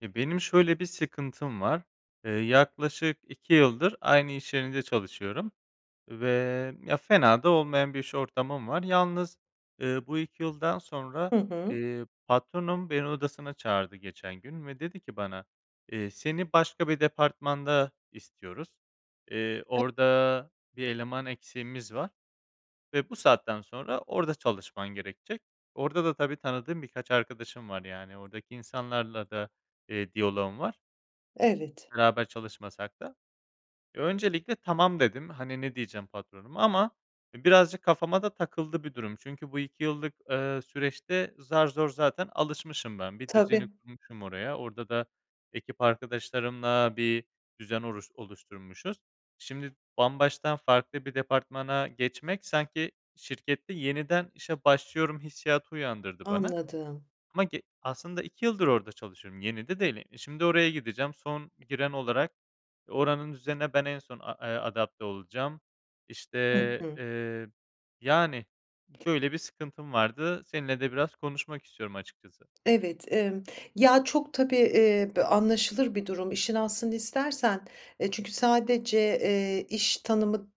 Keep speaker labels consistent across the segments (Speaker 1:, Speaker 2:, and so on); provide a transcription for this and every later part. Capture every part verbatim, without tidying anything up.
Speaker 1: Eee, benim şöyle bir sıkıntım var: Eee, yaklaşık iki yıldır aynı iş yerinde çalışıyorum, ve, ya, fena da olmayan bir iş ortamım var. Yalnız, eee, bu iki yıldan sonra,
Speaker 2: Hı hı.
Speaker 1: eee, patronum beni odasına çağırdı geçen gün ve dedi ki bana: "Eee, seni başka bir departmanda istiyoruz. Eee,
Speaker 2: [unintelligible]
Speaker 1: orda bir eleman eksiğimiz var ve bu saatten sonra orda çalışman gerekecek." Orda da, tabii tanıdığım birkaç arkadaşım var, yani, ordaki insanlarla da, eee, diyaloğum var.
Speaker 2: Evet.
Speaker 1: Beraber çalışmasak da. Öncelikle "Tamam." dedim. Hani, ne diyeceğim patronuma. Ama birazcık kafama da takıldı bir durum. Çünkü bu iki yıllık, eee, süreçte zar zor zaten alışmışım ben, bir
Speaker 2: Tabii.
Speaker 1: düzeni kurmuşum oraya, orda da ekip arkadaşlarımla bir düzen oruş oluşturmuşuz. Şimdi bambaştan farklı bir departmana geçmek, sanki şirkette yeniden işe başlıyorum hissiyatı uyandırdı bana.
Speaker 2: Anladım.
Speaker 1: Ama ge aslında iki yıldır orada çalışıyorum, yeni de değil. E, şimdi oraya gideceğim son giren olarak, oranın düzenine ben en son, eee, adapte olacağım. İşte,
Speaker 2: Hı hı.
Speaker 1: eee, yani, böyle bir sıkıntım vardı, seninle de biraz konuşmak istiyorum açıkçası.
Speaker 2: Evet, emm. Ya, çok tabii, eee, bö anlaşılır bir durum, işin aslını istersen. Eee, çünkü sadece, eee, iş tanımı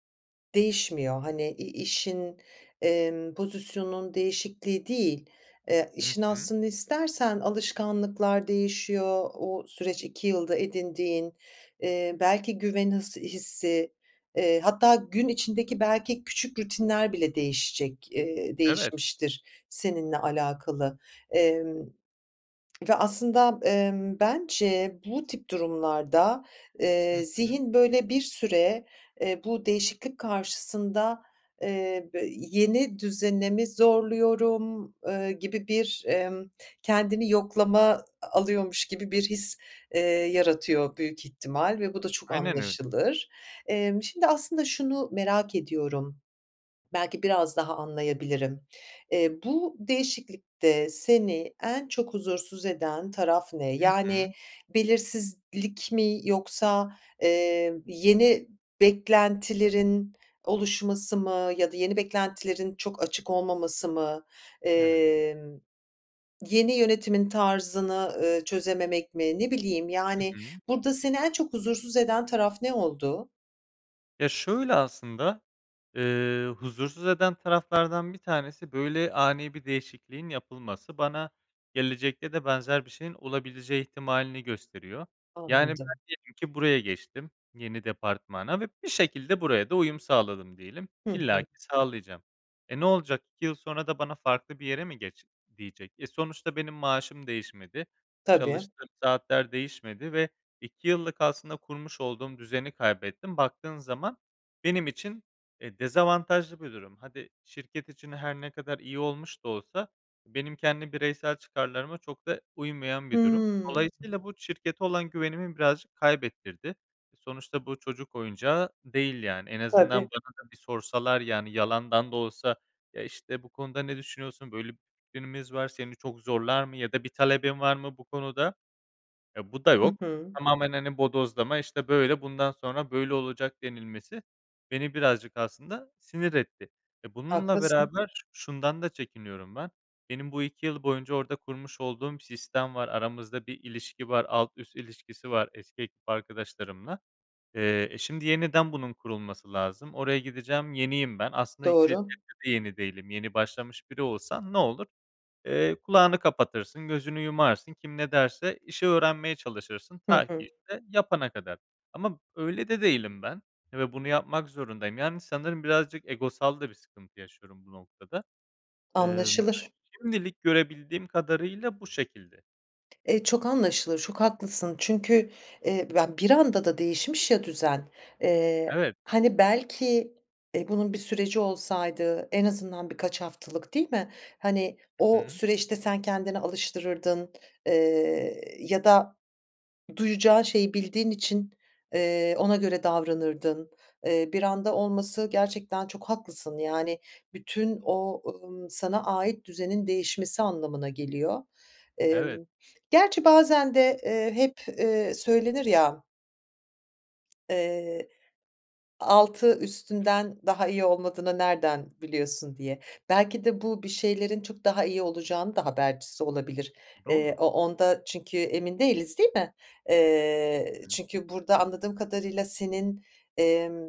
Speaker 2: değişmiyor, hani, i işin, emm, pozisyonun değişikliği değil. Eee,
Speaker 1: Hı
Speaker 2: işin
Speaker 1: hı.
Speaker 2: aslını istersen, alışkanlıklar değişiyor, o süreç iki yılda edindiğin. Eee, belki güven hıs hissi, eee, hatta gün içindeki, belki, küçük rutinler bile değişecek, eee,
Speaker 1: Evet.
Speaker 2: değişmiştir seninle alakalı. Emm, ve aslında, emm, bence bu tip durumlarda,
Speaker 1: Hı
Speaker 2: eee,
Speaker 1: hı.
Speaker 2: zihin böyle bir süre, eee, bu değişiklik karşısında, eee, be, "Yeni düzene mi zorluyorum?" eee, gibi bir, emm, kendini yoklama a alıyormuş gibi bir his, eee, yaratıyor büyük ihtimal ve bu da çok
Speaker 1: Aynen öyle.
Speaker 2: anlaşılır. Emm, şimdi aslında şunu merak ediyorum, belki biraz daha anlayabilirim. Eee, bu değişiklikte seni en çok huzursuz eden taraf ne?
Speaker 1: Hı hı.
Speaker 2: Yani, belirsizlik mi yoksa, eee, yeni beklentilerin oluşması mı ya da yeni beklentilerin çok açık olmaması mı?
Speaker 1: Evet.
Speaker 2: Emm, yeni yönetimin tarzını, ııı, çözememek mi, ne bileyim,
Speaker 1: Hı
Speaker 2: yani,
Speaker 1: hı.
Speaker 2: burada seni, en çok huzursuz eden taraf ne oldu?
Speaker 1: Ya, şöyle aslında, eee, huzursuz eden taraflardan bir tanesi, böyle, ani bir değişikliğin yapılması. Bana gelecekte de benzer bir şeyin olabileceği ihtimalini gösteriyor. Yani, ben
Speaker 2: Anladım.
Speaker 1: diyelim ki buraya geçtim, yeni departmana ve bir şekilde buraya da uyum sağladım diyelim.
Speaker 2: Hı hı.
Speaker 1: İllaki sağlayacağım. E, ne olacak? iki yıl sonra da bana farklı bir yere mi "Geç." diyecek? Eee, sonuçta benim maaşım değişmedi,
Speaker 2: Tabii.
Speaker 1: çalıştığım saatler değişmedi ve iki yıllık aslında kurmuş olduğum düzeni kaybettim. Baktığın zaman benim için, eee, dezavantajlı bir durum. Hadi, şirket için her ne kadar iyi olmuş da olsa, benim kendi bireysel çıkarlarıma çok da uymayan bir durum.
Speaker 2: Hıı.
Speaker 1: Dolayısıyla bu şirkete olan güvenimi birazcık kaybettirdi. Eee, sonuçta, bu çocuk oyuncağı değil, yani. En azından
Speaker 2: Tabii.
Speaker 1: bana da bir sorsalar, yani, yalandan da olsa, ya, işte: "Bu konuda ne düşünüyorsun? Böyle bir fikrimiz var. Seni çok zorlar mı ya da bir talebin var mı bu konuda?" Eee, bu da
Speaker 2: Hı
Speaker 1: yok.
Speaker 2: hı.
Speaker 1: Tamamen, hani, bodozlama, işte: "Böyle, bundan sonra böyle olacak." denilmesi beni, birazcık, aslında, sinir etti. Eee, bununla
Speaker 2: Haklısın.
Speaker 1: beraber şundan da çekiniyorum ben, benim bu iki yıl boyunca orada kurmuş olduğum sistem var. Aramızda bir ilişki var, alt üst ilişkisi var eski ekip arkadaşlarımla. Eee, eee, şimdi yeniden bunun kurulması lazım. Oraya gideceğim yeniyim ben. Aslında [unintelligible]
Speaker 2: Doğru.
Speaker 1: yeni değilim. Yeni başlamış biri olsan ne olur, eee, kulağını kapatırsın, gözünü yumarsın, kim ne derse işi öğrenmeye çalışırsın
Speaker 2: Hı
Speaker 1: ta ki,
Speaker 2: hı.
Speaker 1: işte, yapana kadar. Ama öyle de değilim ben ve bunu yapmak zorundayım. Yani, sanırım birazcık egosal da bir sıkıntı yaşıyorum bu noktada. Eee,
Speaker 2: Anlaşılır.
Speaker 1: [unintelligible] şimdilik görebildiğim kadarıyla bu şekilde.
Speaker 2: Eee, çok anlaşılır. Çok haklısın çünkü, eee, b ben bir anda da değişmiş ya düzen. Eee,
Speaker 1: Evet.
Speaker 2: hani, belki, eee, bunun bir süreci olsaydı, en azından birkaç haftalık, değil mi? Hani,
Speaker 1: Hı
Speaker 2: o
Speaker 1: hı.
Speaker 2: süreçte sen kendini alıştırırdın, eee, ya da duyacağın şeyi bildiğin için, eee, ona göre davranırdın. Eee, bir anda olması gerçekten çok haklısın, yani, bütün o, ımm, sana ait düzenin değişmesi anlamına geliyor.
Speaker 1: Evet.
Speaker 2: Emm, gerçi bazen de, eee, hep, eee, söylenir, ya eee, "Altı üstünden daha iyi olmadığını nereden biliyorsun?" diye. Belki de bu, bir şeylerin çok daha iyi olacağının da habercisi olabilir. Eee,
Speaker 1: Doğru.
Speaker 2: o onda çünkü emin değiliz, değil mi? Eee,
Speaker 1: Hıı.
Speaker 2: çünkü burada anladığım kadarıyla senin, emm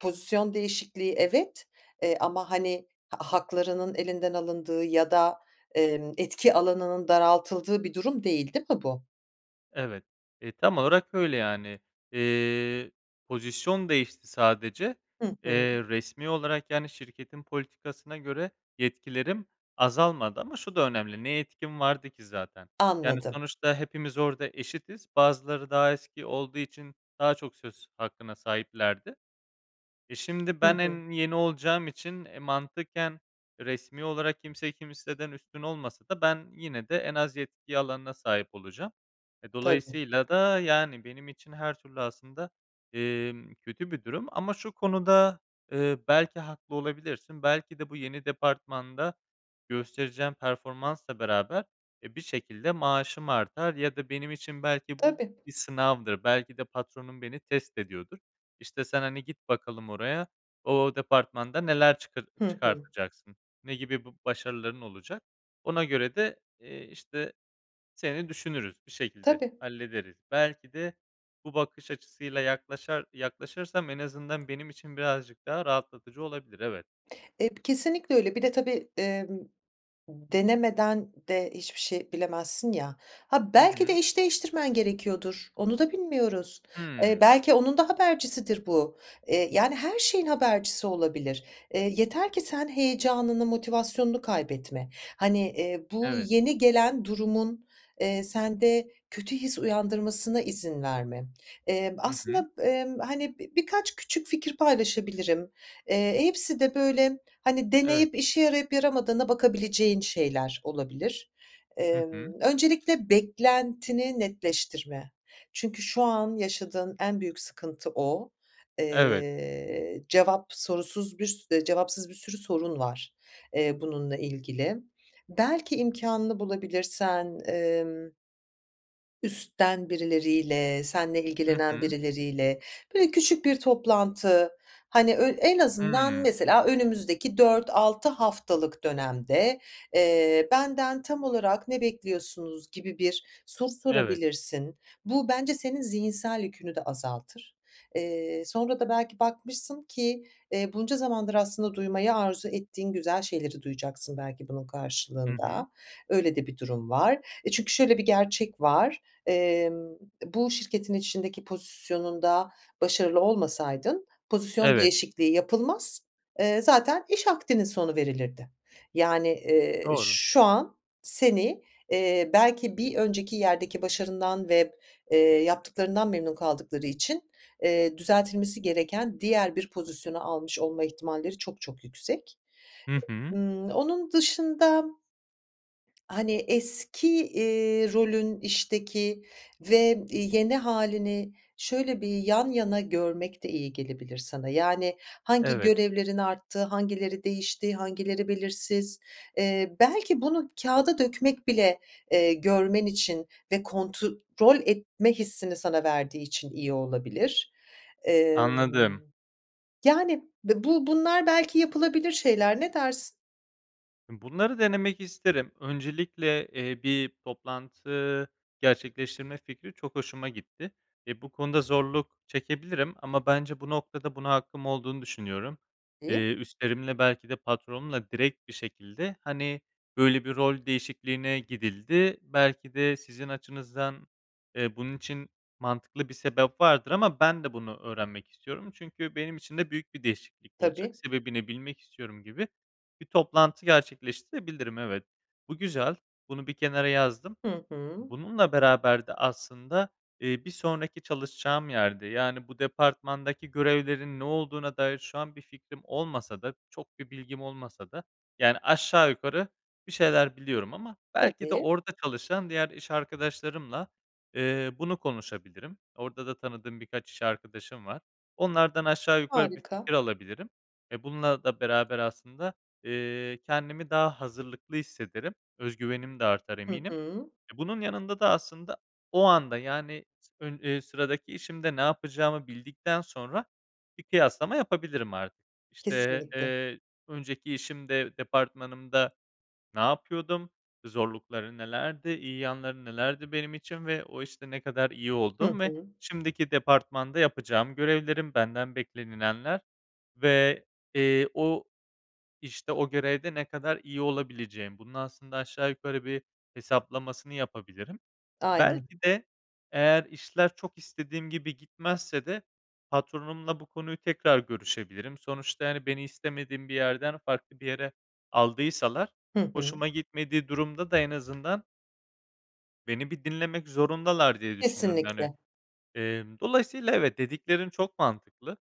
Speaker 2: pozisyon değişikliği, evet, eee, ama, hani, ha haklarının elinden alındığı ya da, emm, etki alanının daraltıldığı bir durum değil, değil mi bu?
Speaker 1: Evet, eee, tam olarak öyle, yani. Eee, pozisyon değişti sadece.
Speaker 2: Hı hı.
Speaker 1: Eee, resmî olarak, yani, şirketin politikasına göre yetkilerim azalmadı ama şu da önemli. Ne yetkim vardı ki zaten? Yani,
Speaker 2: Anladım.
Speaker 1: sonuçta hepimiz orada eşitiz. Bazıları daha eski olduğu için daha çok söz hakkına sahiplerdi. E, şimdi
Speaker 2: Hı
Speaker 1: ben
Speaker 2: hı.
Speaker 1: en yeni olacağım için e, mantıken resmî olarak kimseyi kimseden üstün olmasa da ben yine de en az yetki alanına sahip olacağım. E,
Speaker 2: Tabii.
Speaker 1: dolayısıyla da, yani, benim için her türlü aslında, emm, kötü bir durum. Ama şu konuda, eee, belki haklı olabilirsin. Belki de bu yeni departmanda göstereceğim performansla beraber, eee, bir şekilde maaşım artar ya da benim için belki bu
Speaker 2: Tabii.
Speaker 1: bir sınavdır. Belki de patronum beni test ediyordur. İşte: "Sen, hani, git bakalım oraya, o departmanda neler çıkar
Speaker 2: Hı hı.
Speaker 1: çıkartacaksın, ne gibi b başarıların olacak? Ona göre de, eee, işte, seni düşünürüz. Bir şekilde
Speaker 2: Tabii.
Speaker 1: hallederiz." Belki de, bu bakış açısıyla yaklaşar yaklaşırsam en azından benim için birazcık daha rahatlatıcı olabilir, evet.
Speaker 2: Eee, kesinlikle öyle. Bir de tabii, emm, ımm, denemeden de hiçbir şey bilemezsin, ya. Ha,
Speaker 1: Hı
Speaker 2: belki de
Speaker 1: hı.
Speaker 2: iş değiştirmen gerekiyordur onu da bilmiyoruz. Eee,
Speaker 1: Hımm.
Speaker 2: belki onun da habercisidir bu. Eee, yani, her şeyin habercisi olabilir. Eee, yeter ki sen heyecanını, motivasyonunu kaybetme. Hani, eee, bu
Speaker 1: Evet.
Speaker 2: yeni gelen durumun, eee, sende kötü his uyandırmasına izin verme. Emm,
Speaker 1: Hı hı.
Speaker 2: aslında, emm, hani, bi birkaç küçük fikir paylaşabilirim. Eee, hepsi de böyle, hani,
Speaker 1: Evet.
Speaker 2: deneyip işe yarayıp yaramadığına bakabileceğin şeyler olabilir.
Speaker 1: Hı hı.
Speaker 2: Emm, öncelikle beklentini netleştirme. Çünkü şu an yaşadığın en büyük sıkıntı o.
Speaker 1: Evet.
Speaker 2: Eee, cevap sorusuz bir sür cevapsız bir sürü sorun var. Eee, bununla ilgili. Belki imkânını bulabilirsen, emm üstten birileriyle seninle
Speaker 1: Hı
Speaker 2: ilgilenen
Speaker 1: hı.
Speaker 2: birileriyle böyle küçük bir toplantı. Hani, ö en azından
Speaker 1: Hımm.
Speaker 2: mesela, "Önümüzdeki dört altı haftalık dönemde, eee, benden tam olarak ne bekliyorsunuz?" gibi bir soru
Speaker 1: Evet.
Speaker 2: sorabilirsin. Bu, bence senin zihinsel yükünü de azaltır. Eee, sonra da belki bakmışsın ki, eee, bunca zamandır aslında duymayı arzu ettiğin güzel şeyleri duyacaksın belki bunun
Speaker 1: Hı hı.
Speaker 2: karşılığında. Öyle de bir durum var. Eee, çünkü şöyle bir gerçek var, emm, e, bu şirketin içindeki pozisyonunda başarılı olmasaydın pozisyon
Speaker 1: Evet.
Speaker 2: değişikliği yapılmaz, eee, zaten iş akdinin sonu verilirdi. Yani, eee,
Speaker 1: Doğru.
Speaker 2: şu an seni, eee, belki bir önceki yerdeki başarından ve, eee, yaptıklarından memnun kaldıkları için, eee, düzeltilmesi gereken diğer bir pozisyonu almış olma ihtimalleri çok çok yüksek.
Speaker 1: Hı hı.
Speaker 2: Imm, onun dışında hani, eski, iii, rolün işteki ve, i yeni hâlini şöyle bir yan yana görmek de iyi gelebilir sana. Yani, hangi
Speaker 1: Evet.
Speaker 2: görevlerin arttığı, hangileri değişti, hangileri belirsiz? Eee, belki bunu kağıda dökmek bile, eee, görmen için ve kontrol etme hissini sana verdiği için iyi olabilir. Eee,
Speaker 1: Anladım.
Speaker 2: yani, be bu bunlar belki yapılabilir şeyler. Ne dersin?
Speaker 1: Bunları denemek isterim. Öncelikle, eee, bir toplantı gerçekleştirme fikri çok hoşuma gitti. Eee, bu konuda zorluk çekebilirim ama bence bu noktada buna hakkım olduğunu düşünüyorum.
Speaker 2: [unintelligible]
Speaker 1: Eee, üstlerimle belki de patronumla direkt bir şekilde, hani, "Böyle bir rol değişikliğine gidildi, belki de sizin açınızdan, eee, bunun için mantıklı bir sebep vardır ama ben de bunu öğrenmek istiyorum çünkü benim için de büyük bir değişiklik olacak.
Speaker 2: Tabii.
Speaker 1: Sebebini bilmek istiyorum." gibi bir toplantı gerçekleştirebilirim. Evet, bu güzel, bunu bir kenara yazdım.
Speaker 2: Hı hı.
Speaker 1: Bununla beraber de aslında, eee, bir sonraki çalışacağım yerde, yani, bu departmandaki görevlerin ne olduğuna dair şu an bir fikrim olmasa da çok bir bilgim olmasa da, yani, aşağı yukarı bir şeyler biliyorum ama belki de
Speaker 2: Tabii.
Speaker 1: orada çalışan diğer iş arkadaşlarımla, eee, bunu konuşabilirim. Orada da tanıdığım birkaç iş arkadaşım var. Onlardan aşağı yukarı bir
Speaker 2: Harika.
Speaker 1: fikir alabilirim. Eee, bununla da beraber aslında, eee, kendimi daha hazırlıklı hissederim. Özgüvenim de artar
Speaker 2: Hı
Speaker 1: eminim.
Speaker 2: hı.
Speaker 1: Eee, bunun yanında da aslında o anda, yani, sı ön eee, sıradaki işimde ne yapacağımı bildikten sonra bir kıyaslama yapabilirim artık. İşte,
Speaker 2: Kesinlikle.
Speaker 1: eee, önceki işimde departmanımda, ne yapıyordum, zorlukları nelerdi, iyi yanları nelerdi benim için ve o işte ne kadar iyi
Speaker 2: Hı
Speaker 1: olduğum ve
Speaker 2: hı.
Speaker 1: şimdiki departmanda yapacağım görevlerim, benden beklenilenler ve, eee, o işte, o görevde ne kadar iyi olabileceğim. Bunun aslında aşağı yukarı bir hesaplamasını yapabilirim.
Speaker 2: Aynen.
Speaker 1: Belki de eğer işler çok istediğim gibi gitmezse de patronumla bu konuyu tekrar görüşebilirim. Sonuçta, hani, beni istemediğim bir yerden farklı bir yere aldıysalar,
Speaker 2: Hı hı.
Speaker 1: hoşuma gitmediği durumda da en azından beni bir dinlemek zorundalar, diye düşünüyorum, yani.
Speaker 2: Kesinlikle.
Speaker 1: Eee, dolayısıyla, evet, dediklerin çok mantıklı.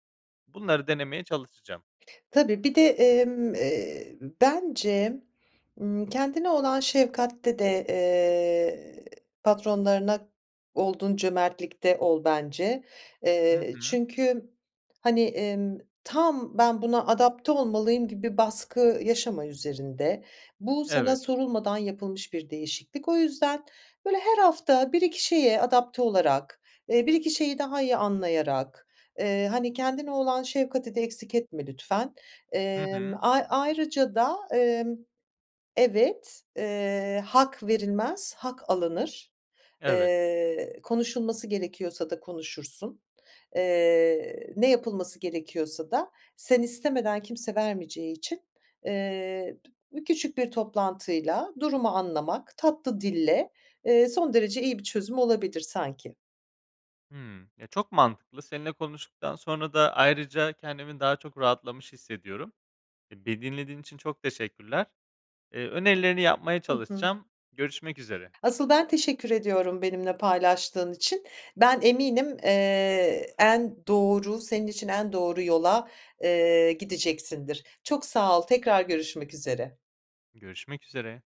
Speaker 1: Bunları denemeye çalışacağım.
Speaker 2: Tabii, bir de, emm, eee, bence, ımm, kendine olan şefkatte de, eee, patronlarına olduğun cömertlikte ol bence.
Speaker 1: Hı
Speaker 2: Eee,
Speaker 1: hı.
Speaker 2: çünkü, hani, emm, tam "Ben, buna adapte olmalıyım." gibi baskı yaşama üzerinde. Bu sana
Speaker 1: Evet.
Speaker 2: sorulmadan yapılmış bir değişiklik. O yüzden, böyle, her hafta bir iki şeye adapte olarak, eee, bir iki şeyi daha iyi anlayarak, eee, hani, kendine olan şefkati de eksik etme lütfen.
Speaker 1: Hı
Speaker 2: Emm,
Speaker 1: hı.
Speaker 2: ay ayrıca da, emm Evet, eee: "Hak verilmez, hak alınır."
Speaker 1: Evet.
Speaker 2: Eee, konuşulması gerekiyorsa da, konuşursun. Eee, ne yapılması gerekiyorsa da sen istemeden kimse vermeyeceği için, eee, bü küçük bir toplantıyla durumu anlamak tatlı dille, eee, son derece iyi bir çözüm olabilir sanki.
Speaker 1: Hımm. Eee, çok mantıklı. Seninle konuştuktan sonra da ayrıca kendimi daha çok rahatlamış hissediyorum. E, beni dinlediğin için çok teşekkürler. Eee, önerilerini yapmaya
Speaker 2: Hı hı.
Speaker 1: çalışacağım. Görüşmek üzere.
Speaker 2: Asıl ben teşekkür ediyorum benimle paylaştığın için. Ben eminim, eee, en doğru senin için en doğru yola, eee, gideceksindir. Çok sağ ol, tekrar görüşmek üzere.
Speaker 1: Görüşmek üzere.